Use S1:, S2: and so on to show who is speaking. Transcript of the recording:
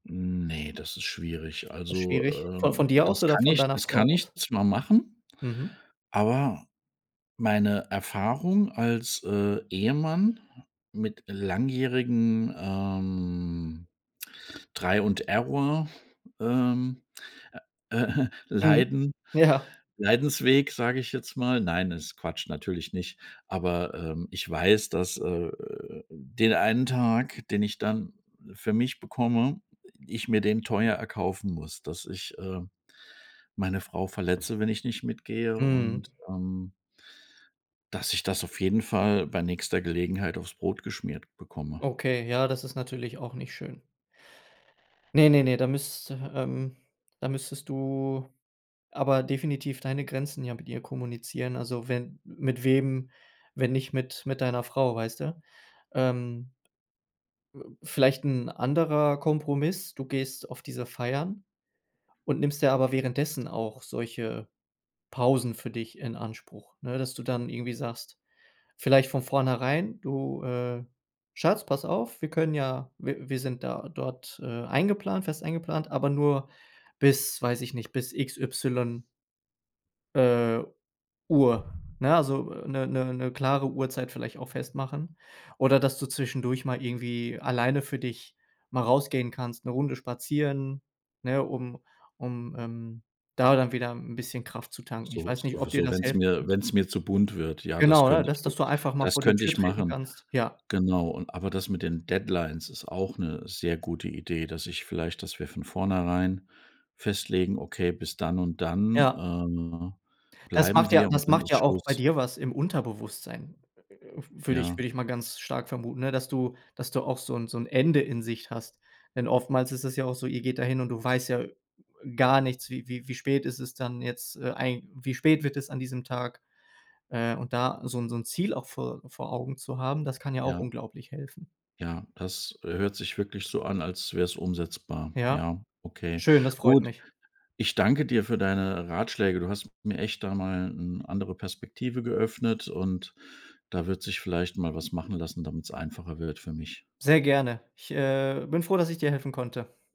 S1: Ne, das ist schwierig.
S2: Ist
S1: Also,
S2: Schwierig. Von von
S1: ähm,
S2: dir aus
S1: das
S2: oder
S1: kann
S2: von
S1: ich
S2: deiner
S1: das
S2: Frau
S1: kann
S2: aus?
S1: ich zwar machen,
S2: Mhm.
S1: aber meine Erfahrung als, äh, Ehemann mit langjährigen, ähm, try und Error ähm, äh, äh,
S2: Mhm,
S1: Leiden
S2: ja.
S1: Leidensweg, sage ich jetzt mal. Nein, ist Quatsch, natürlich nicht. Aber, ähm, ich weiß, dass, äh, äh den einen Tag, den ich dann für mich bekomme äh, ich mir den teuer erkaufen muss, dass ich, äh, meine Frau verletze, wenn ich nicht mitgehe
S2: Mhm.
S1: und, ähm dass ich das auf jeden Fall bei nächster Gelegenheit auf's Brot geschmiert bekomme.
S2: Okay, ja, das ist natürlich auch nicht schön. Ne, ne, ne, da müsste, ähm da müsstest du aber definitiv deine Grenzen ja mit ihr kommunizieren. Also, wenn m mit wem, wenn nicht mit mit deiner Frau, weißt du? Ähm, äh, vielleicht 'n anderer Kompromiss: Du gehst auf diese Feiern und nimmst dir aber währenddessen auch solche Pausen für dich in Anspruch. Ne, dass du dann irgendwie sagst, vielleicht von vornherein: „Du, äh, Schatz, pass auf, wir können ja w wir sind da dort, äh, eingeplant fest eingeplant, aber nur bis weiß ich nicht, bis X Y“ „äh, Uhr”, ne, also, äh, 'ne 'ne 'ne klare Uhrzeit vielleicht auch festmachen, oder dass du zwischendurch mal irgendwie alleine für dich mal rausgehen kannst, 'ne Runde spazieren, ne, um um, ähm, da dann wieder 'n bisschen Kraft zu tanken. Ich
S1: So
S2: weiß
S1: so
S2: nicht,
S1: w
S2: ob dir
S1: so
S2: das
S1: wenn's
S2: helfen
S1: mir
S2: könnte.
S1: wenn's mir zu bunt wird. Ja, das
S2: Genau, ne,
S1: könnte ich
S2: dass
S1: wir
S2: dass du einfach mal
S1: das
S2: vor die
S1: könnte
S2: Tür
S1: ich
S2: treten
S1: machen.
S2: kannst, ja.
S1: Genau, und aber das mit den Deadlines ist auch 'ne sehr gute Idee, dass ich vielleicht dass wir von vornherein festlegen: „Okay, bis dann und dann,
S2: Ja.
S1: äh,
S2: Das
S1: bleiben
S2: macht ja
S1: wir
S2: das
S1: und dann
S2: macht
S1: ist
S2: ja auch bei
S1: Schluss.“
S2: dir was im Unterbewusstsein, äh, w würde ich
S1: Ja.
S2: würde ich mal ganz stark vermuten, ne? Dass du dass du auch so 'n so 'n Ende in Sicht hast, denn oftmals ist das ja auch so, ihr geht dahin und du weißt ja, äh, gar nichts. Wie wie wie spät ist es dann jetzt, äh, eig wie spät wird es an diesem Tag. Äh, und da so 'n so 'n Ziel auch vor vor Augen zu haben, das kann ja auch
S1: Ja.
S2: unglaublich helfen.
S1: Ja, das, äh, hört sich wirklich so an, als wär's umsetzbar.
S2: Ja.
S1: Ja, okay.
S2: Schön, das freut
S1: Gut,
S2: mich.
S1: ich danke dir für deine Ratschläge. Du hast mir echt da mal 'n andere Perspektive geöffnet und da wird sich vielleicht mal was machen lassen, damit's einfacher wird für mich.
S2: Sehr gerne. Ich, äh, bin froh, dass ich dir helfen konnte.